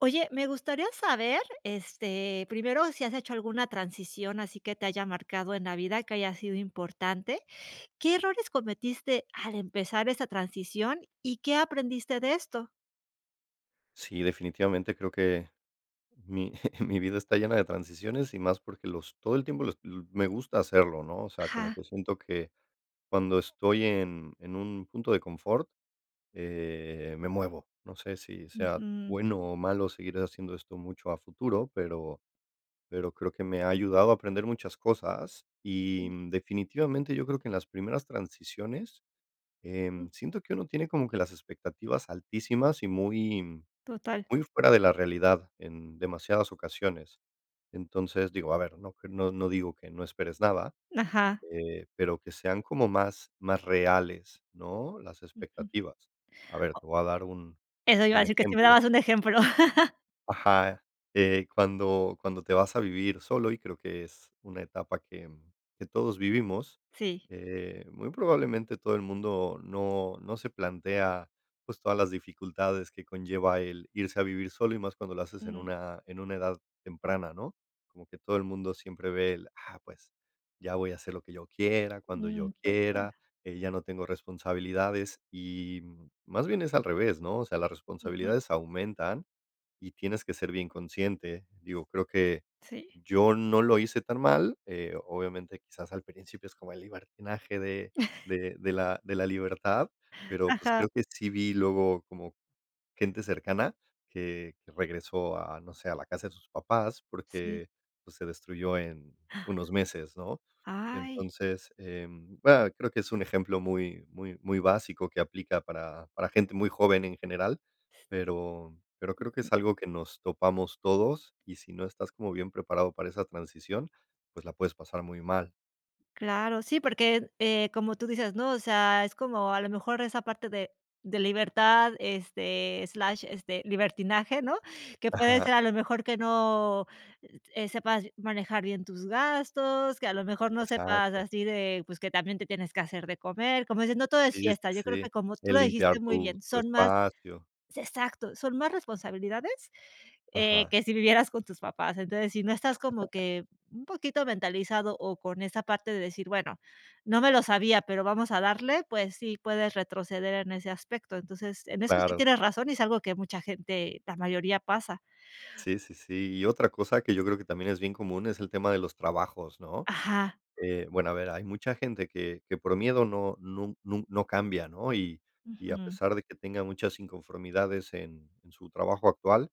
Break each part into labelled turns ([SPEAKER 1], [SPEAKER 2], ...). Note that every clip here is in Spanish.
[SPEAKER 1] Oye, me gustaría saber, este, primero, si has hecho alguna transición, así que te haya marcado en la vida, que haya sido importante, ¿qué errores cometiste al empezar esa transición y qué aprendiste de esto?
[SPEAKER 2] Sí, definitivamente creo que mi mi vida está llena de transiciones y más porque los todo el tiempo l l me gusta hacerlo, ¿no?, o sea, como
[SPEAKER 1] Ajá.
[SPEAKER 2] que siento que cuando estoy en en un punto de confort, eh, me muevo, no sé si sea
[SPEAKER 1] Ujú.
[SPEAKER 2] bueno o malo seguir haciendo esto mucho a futuro, pero pero creo que me ha ayudado a aprender muchas cosas y, mm, definitivamente yo creo que en las primeras transiciones, em,
[SPEAKER 1] Ujú.
[SPEAKER 2] siento que uno tiene como que las expectativas altísimas y muy
[SPEAKER 1] Total.
[SPEAKER 2] muy fuera de la realidad en demasiadas ocasiones, entonces, digo, a ver, no que no no digo que no esperes nada,
[SPEAKER 1] Ajá.
[SPEAKER 2] eh, pero que sean como más más reales, ¿no?, las
[SPEAKER 1] Ujú,
[SPEAKER 2] expectativas, a ver, te
[SPEAKER 1] O
[SPEAKER 2] voy a dar un
[SPEAKER 1] Eso iba a
[SPEAKER 2] un
[SPEAKER 1] decir, que si me
[SPEAKER 2] ejemplo.
[SPEAKER 1] dabas un ejemplo.
[SPEAKER 2] Ajá, eh, cuando cuando te vas a vivir solo, y creo que es una etapa que, mm, que todos vivimos,
[SPEAKER 1] Sí.
[SPEAKER 2] eh, muy probablemente todo el mundo no no se plantea, pues, todas las dificultades que conlleva el irse a vivir solo y más cuando lo haces en
[SPEAKER 1] Ujú.
[SPEAKER 2] una en una edad temprana, ¿no?, como que todo el mundo siempre ve el: "Ah, pues, ya voy a hacer lo que yo quiera, cuando yo
[SPEAKER 1] Mm,
[SPEAKER 2] quiera,
[SPEAKER 1] [unintelligible]
[SPEAKER 2] eh, ya no tengo responsabilidades", y más bien es al revés, ¿no?, o sea, las
[SPEAKER 1] Ujú.
[SPEAKER 2] responsabilidades aumentan y tienes que ser bien consciente, digo, creo que
[SPEAKER 1] Sí.
[SPEAKER 2] yo no lo hice tan mal, eh, obviamente, quizás al principio es como el libertinaje de de de la de la libertad, pero, pues,
[SPEAKER 1] Ajá.
[SPEAKER 2] creo que sí vi luego como gente cercana que regresó a, no sé, a la casa de sus papás
[SPEAKER 1] Sí.
[SPEAKER 2] porque, pues, se destruyó en unos meses, ¿no?,
[SPEAKER 1] Ay.
[SPEAKER 2] entonces, em, va creo que es un ejemplo muy muy muy básico que aplica para para gente muy joven en general, pero pero creo que es algo que nos topamos todos, y si no estás como bien preparado para esa transición, pues la puedes pasar muy mal.
[SPEAKER 1] Claro, sí, porque, eh, como tú dices, ¿no?, o sea, es como a lo mejor esa parte de de libertad, este, slash, este, libertinaje, ¿no?, que puede
[SPEAKER 2] Ajá.
[SPEAKER 1] ser a lo mejor que no sepas manejar bien tus gastos, que a lo mejor no sepas
[SPEAKER 2] Exacto.
[SPEAKER 1] así de, pues, que también te tienes que hacer de comer, como dices no todo es
[SPEAKER 2] Sí, sí,
[SPEAKER 1] fiesta, yo creo
[SPEAKER 2] sí,
[SPEAKER 1] que como tú
[SPEAKER 2] el
[SPEAKER 1] lo
[SPEAKER 2] limpiar
[SPEAKER 1] dijiste muy
[SPEAKER 2] tu
[SPEAKER 1] bien,
[SPEAKER 2] tu
[SPEAKER 1] son más
[SPEAKER 2] espacio.
[SPEAKER 1] se exacto, son más responsabilidades, eh,
[SPEAKER 2] Ajá.
[SPEAKER 1] que si vivieras con tus papás, entonces, si no estás como que un poquito mentalizado o con esa parte de decir: "Bueno, no me lo sabía, pero vamos a darle", pues sí, puedes retroceder en ese aspecto, entonces, en eso es que
[SPEAKER 2] Claro.
[SPEAKER 1] tienes razón y es algo que mucha gente, la mayoría pasa.
[SPEAKER 2] Sí, sí, sí, y otra cosa que yo creo que también es bien común es el tema de los trabajos, ¿no?,
[SPEAKER 1] Ajá.
[SPEAKER 2] eh, bueno, a ver, hay mucha gente que que por miedo no nun nun no cambia, ¿no?, y y a
[SPEAKER 1] Ujú.
[SPEAKER 2] pesar de que tenga muchas inconformidades en en su trabajo actual,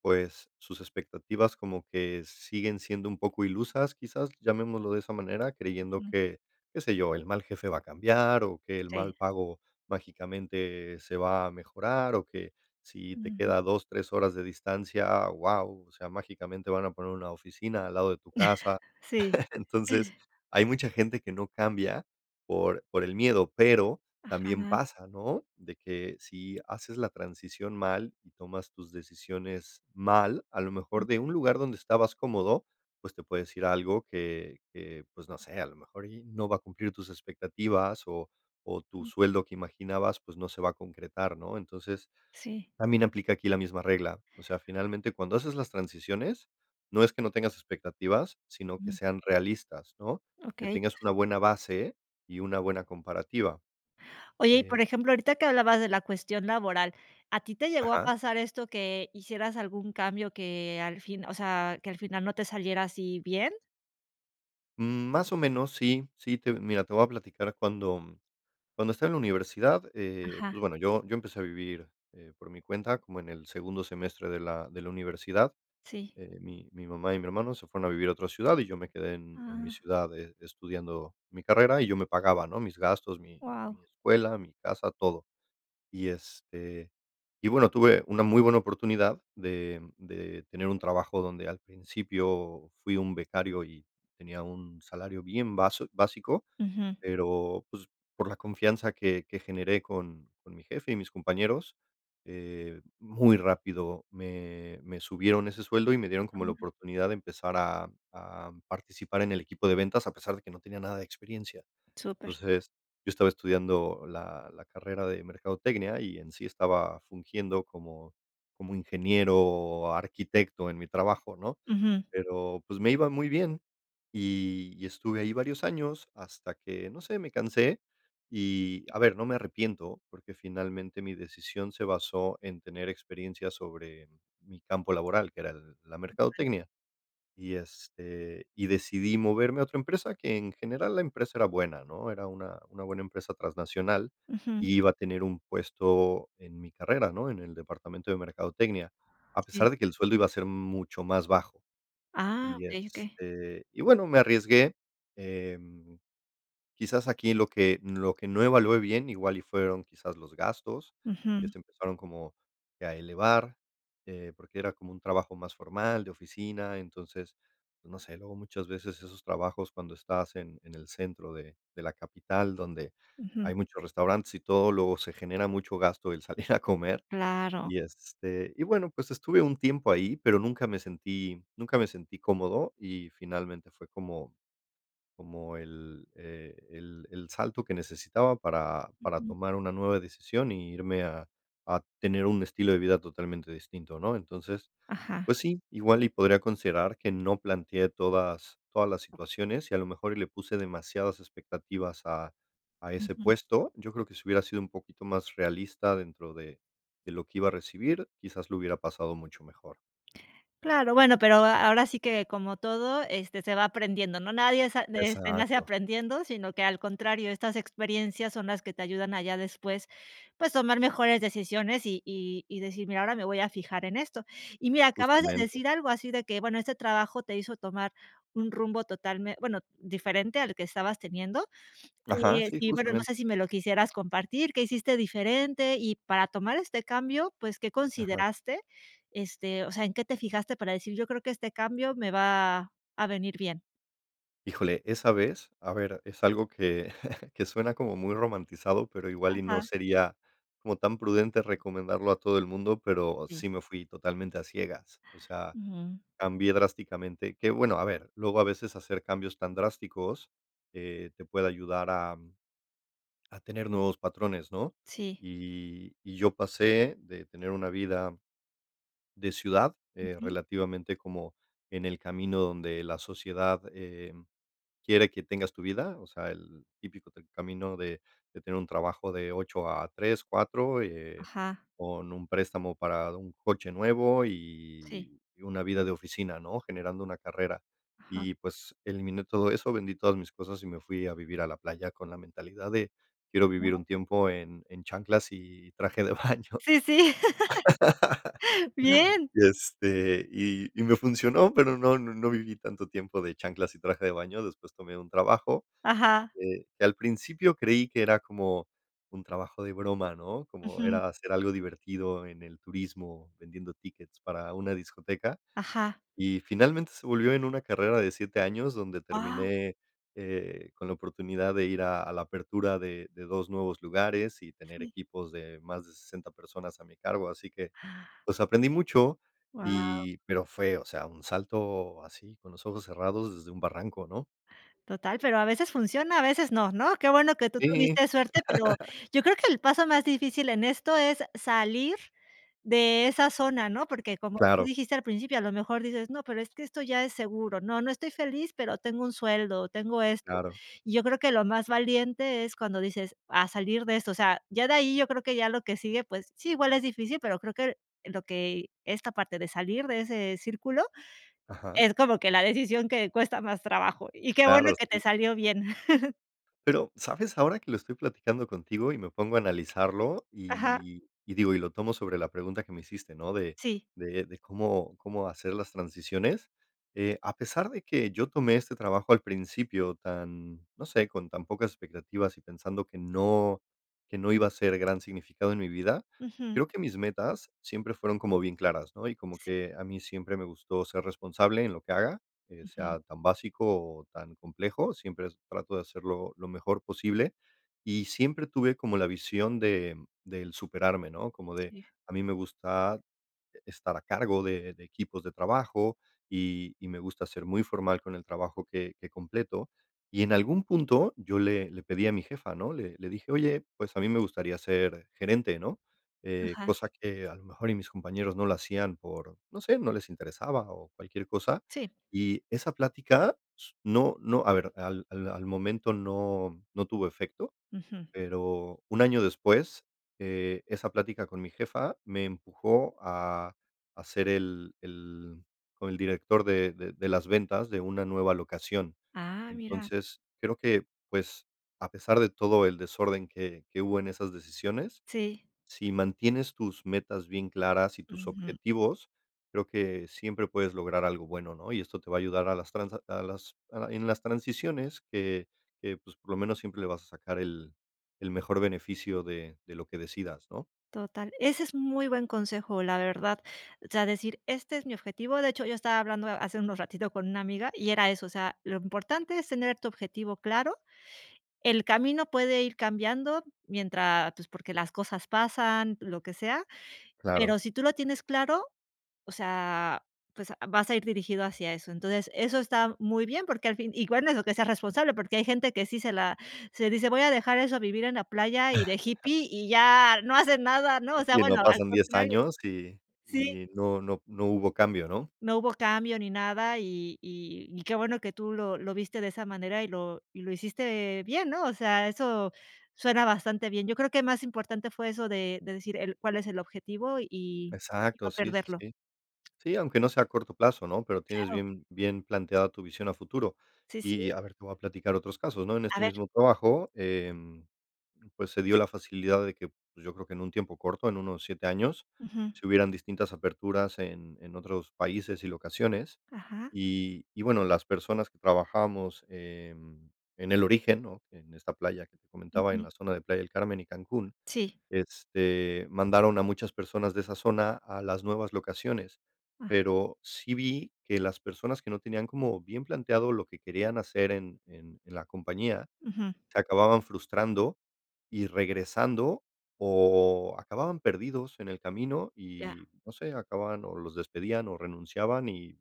[SPEAKER 2] pues sus expectativas como que siguen siendo un poco ilusas, quizás, llamémoslo de esa manera, creyendo
[SPEAKER 1] Ujú.
[SPEAKER 2] que, qué sé yo, el mal jefe va a cambiar o que el mal
[SPEAKER 1] Sí.
[SPEAKER 2] pago mágicamente se va a mejorar o que si te
[SPEAKER 1] Ujú.
[SPEAKER 2] queda a 2, 3 horas de distancia, ah, wao, o sea, mágicamente van a poner una oficina al lado de tu casa,
[SPEAKER 1] Sí.
[SPEAKER 2] entonces, hay mucha gente que no cambia por por el miedo, pero también
[SPEAKER 1] Ajá.
[SPEAKER 2] pasa, ¿no?, de que si haces la transición mal y tomas tus decisiones mal, a lo mejor
[SPEAKER 1] Mm.
[SPEAKER 2] de un lugar donde estabas cómodo, pues te puedo decir algo que que, pues no sé, a lo mejor y no va a cumplir tus expectativas o o tu
[SPEAKER 1] Mm.
[SPEAKER 2] sueldo que imaginabas, pues no se va a concretar, ¿no?, entonces,
[SPEAKER 1] Sí.
[SPEAKER 2] también aplica aquí la misma regla, o sea, finalmente, cuando haces las transiciones, no es que no tengas expectativas, sino que
[SPEAKER 1] Mm.
[SPEAKER 2] sean realistas, ¿no?, que
[SPEAKER 1] Okey.
[SPEAKER 2] tengas una buena base y una buena comparativa,
[SPEAKER 1] Oye, y
[SPEAKER 2] eh.
[SPEAKER 1] por ejemplo, ahorita que hablabas de la cuestión laboral, ¿a ti te llegó a
[SPEAKER 2] Ajá.
[SPEAKER 1] pasar esto que hicieras algún cambio que al fin, o sea, que al final no te saliera así bien?
[SPEAKER 2] Mm, más o menos, sí, sí, te mira, te voy a platicar cuando cuando estaba en la universidad, eh,
[SPEAKER 1] Ajá.
[SPEAKER 2] pues bueno, yo yo empecé a vivir, eh, por mi cuenta, como en el segundo semestre de la de la universidad,
[SPEAKER 1] Sí.
[SPEAKER 2] eh, mi mi mamá y mi hermano se fueron a vivir a otra ciudad y yo me quedé en en mi
[SPEAKER 1] ¡Ah!
[SPEAKER 2] ciudad e estudiando mi carrera y yo me pagaba, ¿no?, mis gastos, mi
[SPEAKER 1] Guau.
[SPEAKER 2] mi escuela, mi casa, todo, y este, y bueno, tuve una muy buena oportunidad de de tener un trabajo donde al principio fui un becario y tenía un salario bien bas bien básico,
[SPEAKER 1] Ujú.
[SPEAKER 2] pero, pues, por la confianza que que generé con con mi jefe y mis compañeros, eh, muy rápido me me subieron ese sueldo y me dieron como la
[SPEAKER 1] [unintelligible]
[SPEAKER 2] oportunidad de empezar a a participar en el equipo de ventas, a pesar de que no tenía nada de experiencia,
[SPEAKER 1] Súper.
[SPEAKER 2] entonces, yo estaba estudiando la la carrera de mercadotecnia y en sí estaba fungiendo como como ingeniero, arquitecto en mi trabajo, ¿no?,
[SPEAKER 1] Ujú.
[SPEAKER 2] pero, pues, me iba muy bien y y estuve ahí varios años hasta que, no sé, me cansé. Y, a ver, no me arrepiento, porque finalmente mi decisión se basó en tener experiencias sobre mi campo laboral, que era el la mercadotecnia, y, este, y decidí moverme a otra empresa que, en general, la empresa era buena, ¿no?, era una una buena empresa transnacional,
[SPEAKER 1] Ujú.
[SPEAKER 2] y iba a tener un puesto en mi carrera, ¿no?, en el departamento de mercadotecnia, a
[SPEAKER 1] Sí.
[SPEAKER 2] pesar de que el sueldo iba a ser mucho más bajo.
[SPEAKER 1] Ah,
[SPEAKER 2] Y,
[SPEAKER 1] okey, okey.
[SPEAKER 2] este, y, bueno, me arriesgué, eh, quizás aquí lo que lo que no evalué bien, igual y fueron quizás, los gastos, que
[SPEAKER 1] Ujú.
[SPEAKER 2] se empezaron como, que a elevar, eh, porque era como un trabajo más formal, de oficina, entonces, pues no sé, luego muchas veces esos trabajos cuando estás en en el centro de de la capital, donde
[SPEAKER 1] Ujú.
[SPEAKER 2] hay muchos restaurantes y todo, luego se genera mucho gasto el salir a comer,
[SPEAKER 1] ¡Claro!
[SPEAKER 2] y, este, y bueno, pues, estuve un tiempo ahí, pero, nunca me sentí nunca me sentí cómodo y finalmente fue como como el el el el salto que necesitaba para para
[SPEAKER 1] Ujú.
[SPEAKER 2] tomar una nueva decisión y irme a a tener un estilo de vida totalmente distinto, ¿no?, entonces,
[SPEAKER 1] Ajá.
[SPEAKER 2] pues sí, igual y podría considerar que no planteé todas todas las situaciones y a lo mejor, le puse demasiadas expectativas a a ese
[SPEAKER 1] Ujú.
[SPEAKER 2] puesto, yo creo que si hubiera sido un poquito más realista dentro de de lo que iba a recibir, quizás, lo hubiera pasado mucho mejor.
[SPEAKER 1] Claro, bueno, pero, a ahora sí que como todo, este, se va aprendiendo, ¿no?, nadie sa este, nace
[SPEAKER 2] Exacto.
[SPEAKER 1] aprendiendo, sino que al contrario, estas experiencias son las que te ayudan a ya después, pues, tomar mejores decisiones y y y decir: "Mira, ahora me voy a fijar en esto", y mira, acabas de
[SPEAKER 2] Justamente.
[SPEAKER 1] decir algo así de que, bueno, este trabajo te hizo tomar un rumbo totalme bueno, diferente al que estabas teniendo,
[SPEAKER 2] Ajá,
[SPEAKER 1] eh, sí,
[SPEAKER 2] sí,
[SPEAKER 1] y bueno, no
[SPEAKER 2] justamente.
[SPEAKER 1] sé, si me lo quisieras compartir, ¿qué hiciste diferente?, y para tomar este cambio, pues, ¿qué
[SPEAKER 2] Ajá.
[SPEAKER 1] consideraste?, este, o sea, en qué te fijaste para decir: "Yo creo que este cambio me va a venir bien".
[SPEAKER 2] Híjole, esa vez, a ver, es algo que que suena como muy romantizado, pero igual y no
[SPEAKER 1] Ajá.
[SPEAKER 2] sería como tan prudente recomendarlo a todo el mundo, pero
[SPEAKER 1] Sí.
[SPEAKER 2] sí me fui totalmente a ciegas. O sea,
[SPEAKER 1] Ujú.
[SPEAKER 2] cambié drásticamente, que bueno, a ver, luego a veces hacer cambios tan drásticos, eh, te puede ayudar, am, a tener nuevos patrones, ¿no?
[SPEAKER 1] Sí.
[SPEAKER 2] Y y yo pasé de tener una vida de ciudad, eh,
[SPEAKER 1] Ujú.
[SPEAKER 2] relativamente como en el camino donde la sociedad, em, quiere que tengas tu vida, o sea, el típico t del camino de de tener un trabajo de 8 a 3, 4, eh,
[SPEAKER 1] Ajá.
[SPEAKER 2] con un préstamo para un coche nuevo
[SPEAKER 1] Sí.
[SPEAKER 2] y y una vida de oficina, ¿no? Generando una carrera.
[SPEAKER 1] Ajá.
[SPEAKER 2] Y, pues, eliminé todo eso, vendí todas mis cosas y me fui a vivir a la playa con la mentalidad de: "Quiero vivir
[SPEAKER 1] Wao.
[SPEAKER 2] un tiempo en en chanclas y traje de baño".
[SPEAKER 1] Sí, sí. Bien.
[SPEAKER 2] Y este, y y me funcionó, pero no no no viví tanto tiempo de chanclas y traje de baño. Después tomé un trabajo
[SPEAKER 1] Ajá.
[SPEAKER 2] que que al principio creí que era como un trabajo de broma, ¿no? Como
[SPEAKER 1] Ujú.
[SPEAKER 2] era hacer algo divertido en el turismo, vendiendo tickets para una discoteca.
[SPEAKER 1] Ajá.
[SPEAKER 2] Y finalmente se volvió en una carrera de 7 años, donde
[SPEAKER 1] Wao.
[SPEAKER 2] terminé, eh, con la oportunidad de ir a a la apertura de de 2 nuevos lugares y tener
[SPEAKER 1] Sí.
[SPEAKER 2] equipos de más de 60 personas a mi cargo. Así que, pues, aprendí mucho
[SPEAKER 1] Wao.
[SPEAKER 2] y pero fue, o sea, un salto así con los ojos cerrados desde un barranco, ¿no?
[SPEAKER 1] Total, pero a veces funciona, a veces no, ¿no? Qué bueno que tú
[SPEAKER 2] Sí.
[SPEAKER 1] tuviste suerte, pero yo creo que el paso más difícil en esto es salir de esa zona, ¿no? Porque como tú
[SPEAKER 2] Claro.
[SPEAKER 1] dijiste al principio, a lo mejor dices: "No, pero es que esto ya es seguro. No, no estoy feliz, pero tengo un sueldo, tengo esto".
[SPEAKER 2] Claro.
[SPEAKER 1] Y yo creo que lo más valiente es cuando dices: "Va, salir de esto", o sea, ya de ahí yo creo que ya lo que sigue, pues, sí, igual es difícil, pero creo que lo que esta parte de salir de ese círculo,
[SPEAKER 2] Ajá.
[SPEAKER 1] es como que la decisión que cuesta más trabajo. Y qué bueno
[SPEAKER 2] Claro,
[SPEAKER 1] que te
[SPEAKER 2] sí.
[SPEAKER 1] salió bien.
[SPEAKER 2] Pero, ¿sabes ahora que lo estoy platicando contigo y me pongo a analizarlo?,
[SPEAKER 1] Ajá.
[SPEAKER 2] y y digo y lo tomo sobre la pregunta que me hiciste, ¿no?, de
[SPEAKER 1] Sí.
[SPEAKER 2] de de cómo cómo hacer las transiciones, eh, a pesar de que yo tomé este trabajo al principio tan, no sé, con tan pocas expectativas y pensando que no que no iba a ser gran significado en mi vida,
[SPEAKER 1] Ujú.
[SPEAKER 2] creo que mis metas siempre fueron como bien claras, ¿no?, y como
[SPEAKER 1] Sí.
[SPEAKER 2] que a mí siempre me gustó ser responsable en lo que haga, eh,
[SPEAKER 1] Ujú.
[SPEAKER 2] sea tan básico o tan complejo, siempre es trato de hacerlo lo mejor posible. Y siempre tuve como la visión de del superarme, ¿no?, como de,
[SPEAKER 1] Sí.
[SPEAKER 2] a mí me gusta, e estar a cargo de de equipos de trabajo, y y me gusta ser muy formal con el trabajo que que completo. Y en algún punto, yo le le pedí a mi jefa, ¿no?, le le dije: "Oye, pues a mí me gustaría ser gerente." ¿no?, eh,
[SPEAKER 1] Ajá.
[SPEAKER 2] cosa que a lo mejor, y mis compañeros no la hacían por, no sé, no les interesaba o cualquier cosa.
[SPEAKER 1] Sí.
[SPEAKER 2] Y esa plática s no no, a ver, al al al momento no no tuvo efecto,
[SPEAKER 1] Ujú.
[SPEAKER 2] pero, un año después, eh, esa plática con mi jefa me empujó a a ser el el como el director de de de las ventas de una nueva locación.
[SPEAKER 1] ¡Ah, mira!
[SPEAKER 2] Entonces, creo que, pues, a pesar de todo el desorden que que hubo en esas decisiones,
[SPEAKER 1] Sí.
[SPEAKER 2] si mantienes tus metas bien claras y tus
[SPEAKER 1] Ujú.
[SPEAKER 2] objetivos, creo que siempre puedes lograr algo bueno, ¿no?, y esto te va a ayudar a las transac a las en las transiciones que que, pues, por lo menos, siempre le vas a sacar el el mejor beneficio de de lo que decidas, ¿no?
[SPEAKER 1] Total, ese es muy buen consejo, la verdad. O sea, decir, este es mi objetivo. De hecho, yo estaba hablando ha hace unos ratitos con una amiga y era eso, o sea, lo importante es tener tu objetivo claro. El camino puede ir cambiando mientras, pues, porque las cosas pasan, lo que sea,
[SPEAKER 2] Claro.
[SPEAKER 1] pero, si tú lo tienes claro, o sea, pues, a vas a ir dirigido hacia eso. Entonces, eso está muy bien, porque al fin igual es lo que seas responsable, porque hay gente que sí, se la se dice: "Voy a dejar eso a vivir en la playa y de hippie, y ya no hacen nada", ¿no?, o sea,
[SPEAKER 2] Y no
[SPEAKER 1] bueno, al
[SPEAKER 2] pasan 10
[SPEAKER 1] contrario.
[SPEAKER 2] años, y
[SPEAKER 1] Sí.
[SPEAKER 2] y no no no hubo cambio, ¿no?
[SPEAKER 1] No hubo cambio ni nada, y y y qué bueno que tú lo lo viste de esa manera y lo y lo hiciste bien, ¿no?, o sea, eso suena bastante bien. Yo creo que más importante fue eso de de decir: "El cuál es el objetivo, y y no
[SPEAKER 2] Exacto, sí, sí,
[SPEAKER 1] perderlo".
[SPEAKER 2] sí. Sí, aunque no sea a corto plazo, ¿no?, pero, tienes
[SPEAKER 1] Claro.
[SPEAKER 2] bien bien planteada tu visión a futuro.
[SPEAKER 1] Sí, sí.
[SPEAKER 2] Y a ver, te voy a platicar otros casos, ¿no?, en
[SPEAKER 1] A
[SPEAKER 2] este
[SPEAKER 1] ver.
[SPEAKER 2] mismo trabajo, em, pues, se dio la facilidad de que, pues, yo creo que en un tiempo corto, en unos 7 años,
[SPEAKER 1] Ujú.
[SPEAKER 2] se hubieran distintas aperturas en en otros países y locaciones.
[SPEAKER 1] Ajá
[SPEAKER 2] Y y bueno, las personas que trabajamos en en el origen, ¿no?, en esta playa que te comentaba, en
[SPEAKER 1] Ujú.
[SPEAKER 2] la zona de Playa del Carmen y Cancún,
[SPEAKER 1] Sí.
[SPEAKER 2] este, mandaron a muchas personas de esa zona a las nuevas locaciones.
[SPEAKER 1] A
[SPEAKER 2] Pero, sí vi que las personas que no tenían como bien planteado lo que querían hacer en en en la compañía,
[SPEAKER 1] Ujú.
[SPEAKER 2] se acababan frustrando y regresando o acababan perdidos en el camino
[SPEAKER 1] Ya.
[SPEAKER 2] y, no sé, acababan, o los despedían o renunciaban y,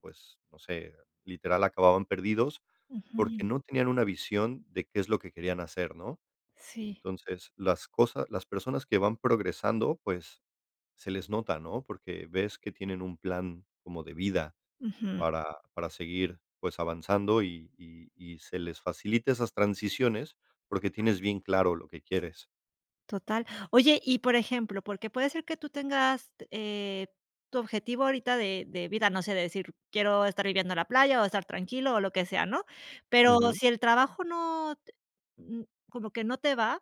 [SPEAKER 2] pues, no sé, literal acababan perdidos,
[SPEAKER 1] Ujú.
[SPEAKER 2] porque no tenían una visión de qué es lo que querían hacer, ¿no?,
[SPEAKER 1] Sí.
[SPEAKER 2] entonces, las cosas las personas que van progresando, pues, se les nota, ¿no?, porque ves que tienen un plan como de vida,
[SPEAKER 1] Ujú.
[SPEAKER 2] para para seguir, pues, avanzando y y y se les facilita esas transiciones, porque tienes bien claro lo que quieres.
[SPEAKER 1] Total. Oye, y por ejemplo, porque puede ser que tú tengas, t eh, tu objetivo ahorita de de vida, no sé, de decir: "Quiero estar viviendo la playa o estar tranquilo o lo que sea", ¿no?, pero,
[SPEAKER 2] Ujú.
[SPEAKER 1] si el trabajo no te mm, como que no te va.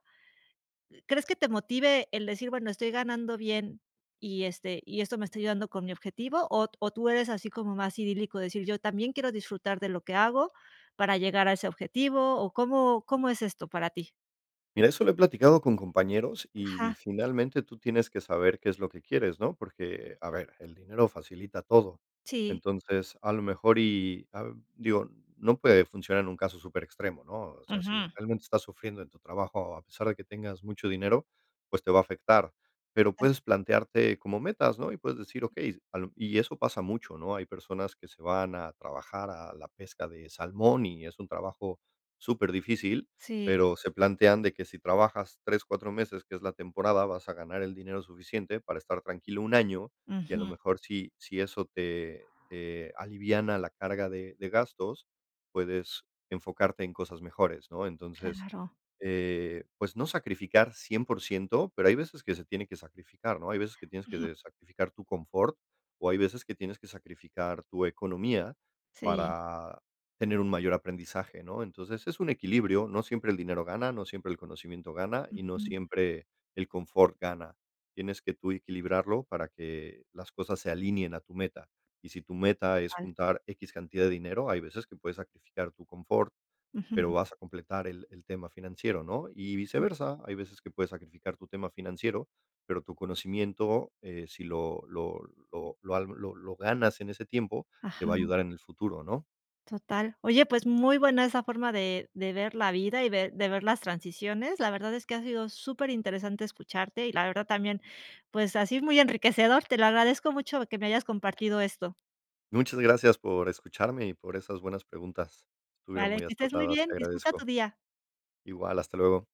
[SPEAKER 1] ¿Crees que te motive el decir: "Bueno, estoy ganando bien y, este, y esto me está ayudando con mi objetivo", ot o tú eres así como más idílico, de decir: "Yo también quiero disfrutar de lo que hago para llegar a ese objetivo", o cómo cómo es esto para ti?
[SPEAKER 2] Mira, eso lo he platicado con compañeros,
[SPEAKER 1] Ajá.
[SPEAKER 2] y, finalmente, tú tienes que saber qué es lo que quieres, ¿no?, porque, a ver, el dinero facilita todo.
[SPEAKER 1] Sí.
[SPEAKER 2] Entonces, a lo mejor, y, ah, digo, no puede funcionar en un caso superextremo, ¿no?, o sea, si
[SPEAKER 1] Ujú.
[SPEAKER 2] realmente estás sufriendo en tu trabajo, a pesar de que tengas mucho dinero, pues, te va a afectar. Pero puedes plantearte como metas, ¿no?, y puedes decir, okey, a lo y eso pasa mucho, ¿no?, hay personas que se van a trabajar a la pesca de salmón y es un trabajo superdifícil.
[SPEAKER 1] Sí.
[SPEAKER 2] Pero, se plantean de que si trabajas 3, 4 meses, que es la temporada, vas a ganar el dinero suficiente para estar tranquilo un año, y a lo
[SPEAKER 1] Ujú.
[SPEAKER 2] mejor si si eso te te aliviana la carga de de gastos, puedes enfocarte en cosas mejores, ¿no?, entonces,
[SPEAKER 1] Claro.
[SPEAKER 2] eh, pues, no sacrificar 100%, pero, hay veces que se tiene que sacrificar, ¿no?, hay veces que tienes que
[SPEAKER 1] Ujú.
[SPEAKER 2] de sacrificar tu confort, o hay veces que tienes que sacrificar tu economía,
[SPEAKER 1] Sí.
[SPEAKER 2] para tener un mayor aprendizaje, ¿no?, entonces, es un equilibrio, no siempre el dinero gana, no siempre el conocimiento gana, y no
[SPEAKER 1] Ujú.
[SPEAKER 2] siempre el confort gana. Tienes que tú equilibrarlo, para que las cosas se alineen a tu meta. Y si tu meta es
[SPEAKER 1] Al
[SPEAKER 2] juntar equis, cantidad de dinero, hay veces que puedes sacrificar tu confort, pero,
[SPEAKER 1] Ujú.
[SPEAKER 2] vas a completar el el tema financiero, ¿no?, y
[SPEAKER 1] Sí.
[SPEAKER 2] viceversa, hay veces que puedes sacrificar tu tema financiero, pero tu conocimiento, eh, si lo lo lo al lo lo ganas en ese tiempo, te
[SPEAKER 1] Ajá.
[SPEAKER 2] va a ayudar en el futuro, ¿no?
[SPEAKER 1] Total. Oye, pues, muy buena esa forma de de ver la vida, y ver de ver las transiciones. La verdad es que ha sido superinteresante escucharte, y la verdad también, pues, ha sido muy enriquecedor. Te lo agradezco mucho, que me hayas compartido esto.
[SPEAKER 2] Muchas gracias por escucharme y por esas buenas preguntas. Estuvieron
[SPEAKER 1] Vale,
[SPEAKER 2] muy
[SPEAKER 1] que estés muy
[SPEAKER 2] acertadas,
[SPEAKER 1] bien,
[SPEAKER 2] te
[SPEAKER 1] disfruta tu
[SPEAKER 2] agradezco.
[SPEAKER 1] día.
[SPEAKER 2] Igual, hasta luego.